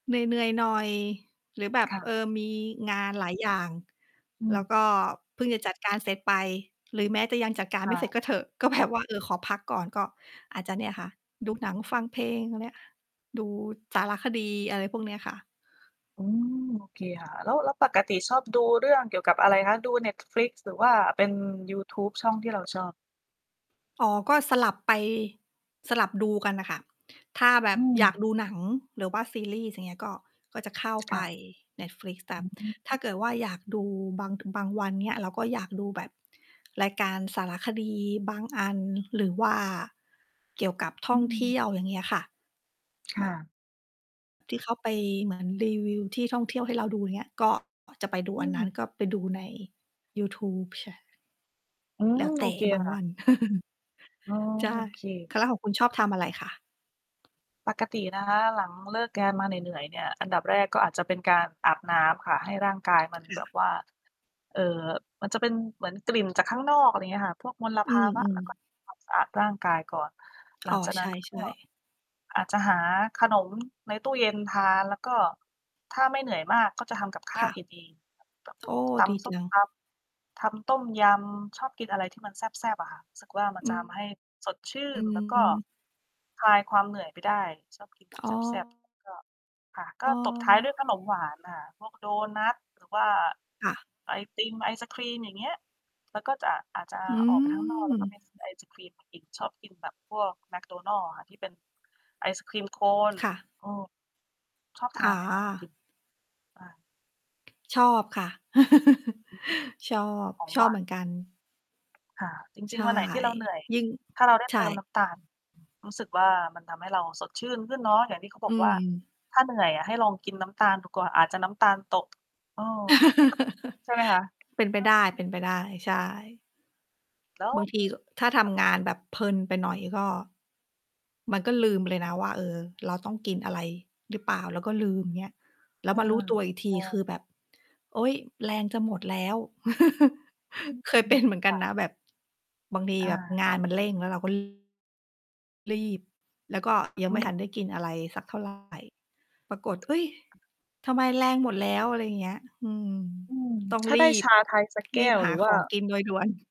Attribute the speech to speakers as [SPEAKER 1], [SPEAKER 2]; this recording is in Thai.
[SPEAKER 1] เหนื่อย ๆ หน่อย หรือแบบ
[SPEAKER 2] ค่
[SPEAKER 1] เออ
[SPEAKER 2] ะ
[SPEAKER 1] มีงานหลายอย่าง
[SPEAKER 2] อื
[SPEAKER 1] แล้
[SPEAKER 2] ม
[SPEAKER 1] วก็เพิ่งจะจัดการเสร็จไป หรือแม้จะยังจัดการ
[SPEAKER 2] ค
[SPEAKER 1] ไม
[SPEAKER 2] ่
[SPEAKER 1] ่เสร็จ
[SPEAKER 2] ะ
[SPEAKER 1] ก็เถอะ ก็แบบ ว่า เออ ขอพักก่อน ก็อาจจะเนี่ย
[SPEAKER 2] อื
[SPEAKER 1] ค
[SPEAKER 2] อ
[SPEAKER 1] ่
[SPEAKER 2] ฮ
[SPEAKER 1] ะ
[SPEAKER 2] ึ
[SPEAKER 1] ดูหนังฟังเพลงอะเนี้ย ดูสารคดี อะไรพวกเนี้ยค่ะ
[SPEAKER 2] อืม โอเค ค่ะ แล้ว แล้วปกติชอบ ดู เรื่องเกี่ยวกับอะไรคะ ดูเน็ตฟลิกซ์ หรือว่าเป็นยูทูบช่องที่เราชอบ?
[SPEAKER 1] อ๋อ ก็สลับไป สลับดูกันน่ะค่ะ ถ้าแบ
[SPEAKER 2] อ
[SPEAKER 1] บ
[SPEAKER 2] ื
[SPEAKER 1] อยา
[SPEAKER 2] ม
[SPEAKER 1] กดูหนัง หรือว่าซีรีส์ อย่างเงี้ย ก็ ก็จะเข้าไ
[SPEAKER 2] ค
[SPEAKER 1] ป
[SPEAKER 2] ่ะ
[SPEAKER 1] เน็ตฟลิกซ์ แต
[SPEAKER 2] อ
[SPEAKER 1] ็
[SPEAKER 2] ื
[SPEAKER 1] บ ถ้า
[SPEAKER 2] ม
[SPEAKER 1] เกิดว่าอยากดูบาง เป็น บางวัน เงี้ย เราก็อยากดูแบบรายการสารคดี บางอัน หรือว่าเกี่ยวกับท
[SPEAKER 2] อ
[SPEAKER 1] ่
[SPEAKER 2] ื
[SPEAKER 1] องเที
[SPEAKER 2] ม
[SPEAKER 1] ่ยว อย่างเงี้ยค่ะ
[SPEAKER 2] ค
[SPEAKER 1] แบ
[SPEAKER 2] ่
[SPEAKER 1] บ
[SPEAKER 2] ะ
[SPEAKER 1] ที่เขาไป เหมือน รีวิวที่ท่องเที่ยวให้เราดู อย่างเงี้ย ก็ อ๋อ จะไปดู
[SPEAKER 2] อื
[SPEAKER 1] อันนั้น
[SPEAKER 2] ม
[SPEAKER 1] ก็ไปดูในยูทูบชา
[SPEAKER 2] อื
[SPEAKER 1] แล้
[SPEAKER 2] ม
[SPEAKER 1] วเ
[SPEAKER 2] โอ
[SPEAKER 1] ต่
[SPEAKER 2] เค
[SPEAKER 1] บาง
[SPEAKER 2] ค
[SPEAKER 1] ว
[SPEAKER 2] ่ะ
[SPEAKER 1] ัน
[SPEAKER 2] อ๋อ
[SPEAKER 1] ใช่
[SPEAKER 2] โอเค
[SPEAKER 1] ค่ะ แล้วของคุณชอบทำอะไรคะ?
[SPEAKER 2] ปกตินะคะ หลังเลิกงานมาเหนื่อย ๆ เนี่ย อันดับแรกก็อาจจะเป็นการอาบน้ำค่ะ ให้ ร่างกาย มัน
[SPEAKER 1] ค
[SPEAKER 2] แบบ
[SPEAKER 1] ่ะ
[SPEAKER 2] ว่า เอ่อ มันจะเป็นเหมือนกลิ่นจากข้างนอก อะไรเงี้ยค่ะ พวกมล
[SPEAKER 1] อื
[SPEAKER 2] ภาวะ
[SPEAKER 1] ม
[SPEAKER 2] เราก
[SPEAKER 1] ๆ
[SPEAKER 2] ็ ทำ ความสะอาดร่างกายก่อน หล
[SPEAKER 1] อ
[SPEAKER 2] ั
[SPEAKER 1] ๋อ
[SPEAKER 2] งจาก
[SPEAKER 1] ใ
[SPEAKER 2] น
[SPEAKER 1] ช
[SPEAKER 2] ั้น ก็
[SPEAKER 1] ่ ๆ
[SPEAKER 2] อาจจะหา ขนม ในตู้เย็นทาน แล้วก็ถ้าไม่เหนื่อยมาก ก็จะทำกับข
[SPEAKER 1] ค
[SPEAKER 2] ้า
[SPEAKER 1] ่
[SPEAKER 2] ว
[SPEAKER 1] ะ
[SPEAKER 2] กินเอง แบบ
[SPEAKER 1] โ
[SPEAKER 2] ต
[SPEAKER 1] อ้
[SPEAKER 2] ำ พวกต
[SPEAKER 1] ดี
[SPEAKER 2] ำส
[SPEAKER 1] จ
[SPEAKER 2] ้ม
[SPEAKER 1] ัง
[SPEAKER 2] ตำ ทำต้มยำ ชอบกินอะไรที่มันแซ่บ ๆ อะค่ะ สึกว่า มัน
[SPEAKER 1] อื
[SPEAKER 2] จะ
[SPEAKER 1] ม
[SPEAKER 2] ทำให้สดชื่
[SPEAKER 1] อื
[SPEAKER 2] น แล้วก็
[SPEAKER 1] ม
[SPEAKER 2] คลายความเหนื่อยไปได้ ชอบกินแบ
[SPEAKER 1] อ
[SPEAKER 2] บ
[SPEAKER 1] ๋
[SPEAKER 2] แซ่บ ๆ แล้วก็ ค่ะ ก็ตบท้ายด้วย
[SPEAKER 1] อ
[SPEAKER 2] ขนมหวานน่ะค่ะ พวกโดนัต หรือว่า
[SPEAKER 1] ค่ะ
[SPEAKER 2] ไอติม ไอศกรีม อย่างเงี้ย แล้วก็จะ อาจจะ
[SPEAKER 1] อื
[SPEAKER 2] ออกไปทั้งนอก แล้วก็ไป
[SPEAKER 1] ม
[SPEAKER 2] ซื้อไอศกรีมมากิน ชอบกินแบบพวกแมคโดนัลด์อะค่ะ ที่เป็นไอศกรีม โคน
[SPEAKER 1] ค่ะ
[SPEAKER 2] อืม ชอบท
[SPEAKER 1] อ๋
[SPEAKER 2] านไหมคะ ไอ
[SPEAKER 1] อ
[SPEAKER 2] ติม? บ้าน
[SPEAKER 1] ชอบค่ะ
[SPEAKER 2] อือฮึ
[SPEAKER 1] ชอบ
[SPEAKER 2] ของ
[SPEAKER 1] ช
[SPEAKER 2] หว
[SPEAKER 1] อบ
[SPEAKER 2] า
[SPEAKER 1] เห
[SPEAKER 2] น
[SPEAKER 1] มือนกัน
[SPEAKER 2] ค่ะ จ
[SPEAKER 1] ใช
[SPEAKER 2] ริง
[SPEAKER 1] ่
[SPEAKER 2] ๆ วันไหนที่เราเหนื่อย
[SPEAKER 1] ยิ่ง
[SPEAKER 2] ถ้าเราได้
[SPEAKER 1] ใช
[SPEAKER 2] เ
[SPEAKER 1] ่
[SPEAKER 2] ติมน้ำตาล
[SPEAKER 1] อือ อืม
[SPEAKER 2] รู้สึกว่า มันทำให้เราสดชื่นขึ้นเนาะ อย่างที่เขาบ
[SPEAKER 1] อื
[SPEAKER 2] อกว่า
[SPEAKER 1] ม
[SPEAKER 2] "ถ้าเหนื่อยอะ ให้ลองกินน้ำตาลดูก่อน อาจจะน้ำตาลตก" เออ ใช่ไหมคะ?
[SPEAKER 1] เป็นไ
[SPEAKER 2] เ
[SPEAKER 1] ป
[SPEAKER 2] อ
[SPEAKER 1] ได
[SPEAKER 2] อ
[SPEAKER 1] ้ เป็นไปได้ ใช่
[SPEAKER 2] แล้ว
[SPEAKER 1] บางทีก็ ถ้าท
[SPEAKER 2] ก
[SPEAKER 1] ำงานแบบเพลินไปหน่อย ก็ มันก็
[SPEAKER 2] อื
[SPEAKER 1] ลืม
[SPEAKER 2] ม
[SPEAKER 1] ไปเลยนะว่า เออ เราต้องกินอะไรหรือเปล่า เราก็ลืม เงี้ย แล้
[SPEAKER 2] อ
[SPEAKER 1] ว
[SPEAKER 2] า
[SPEAKER 1] มารู้ตัวอีกท
[SPEAKER 2] ใช
[SPEAKER 1] ีคือ
[SPEAKER 2] ่
[SPEAKER 1] แบบ โอ๊ย! แรงจะหมดแล้ว
[SPEAKER 2] อือ
[SPEAKER 1] เคย
[SPEAKER 2] อื
[SPEAKER 1] เป็
[SPEAKER 2] ม
[SPEAKER 1] นเหมือนก
[SPEAKER 2] ค
[SPEAKER 1] ั
[SPEAKER 2] ่
[SPEAKER 1] น
[SPEAKER 2] ะ
[SPEAKER 1] นะแบบ บางที
[SPEAKER 2] อ
[SPEAKER 1] แบบ
[SPEAKER 2] า
[SPEAKER 1] งานมันเร่ง แล้วเราก็ รีบ แล้วก็ยั
[SPEAKER 2] อ
[SPEAKER 1] งไม่
[SPEAKER 2] ื
[SPEAKER 1] ท
[SPEAKER 2] ม
[SPEAKER 1] ันได้กินอะไรสัก เท่าไร ปรากฏ เฮ้ย!
[SPEAKER 2] อา
[SPEAKER 1] ทำไมแรงหมดแล้ว อะไรเงี้ย อืม
[SPEAKER 2] อืม
[SPEAKER 1] ต้อง
[SPEAKER 2] ถ้า
[SPEAKER 1] ร
[SPEAKER 2] ได้
[SPEAKER 1] ี
[SPEAKER 2] ช
[SPEAKER 1] บ
[SPEAKER 2] าไทยสักแก
[SPEAKER 1] รี
[SPEAKER 2] ้
[SPEAKER 1] บ
[SPEAKER 2] ว
[SPEAKER 1] ห
[SPEAKER 2] ห
[SPEAKER 1] า
[SPEAKER 2] รือ
[SPEAKER 1] ข
[SPEAKER 2] ว่า
[SPEAKER 1] องกินโดย ด่วน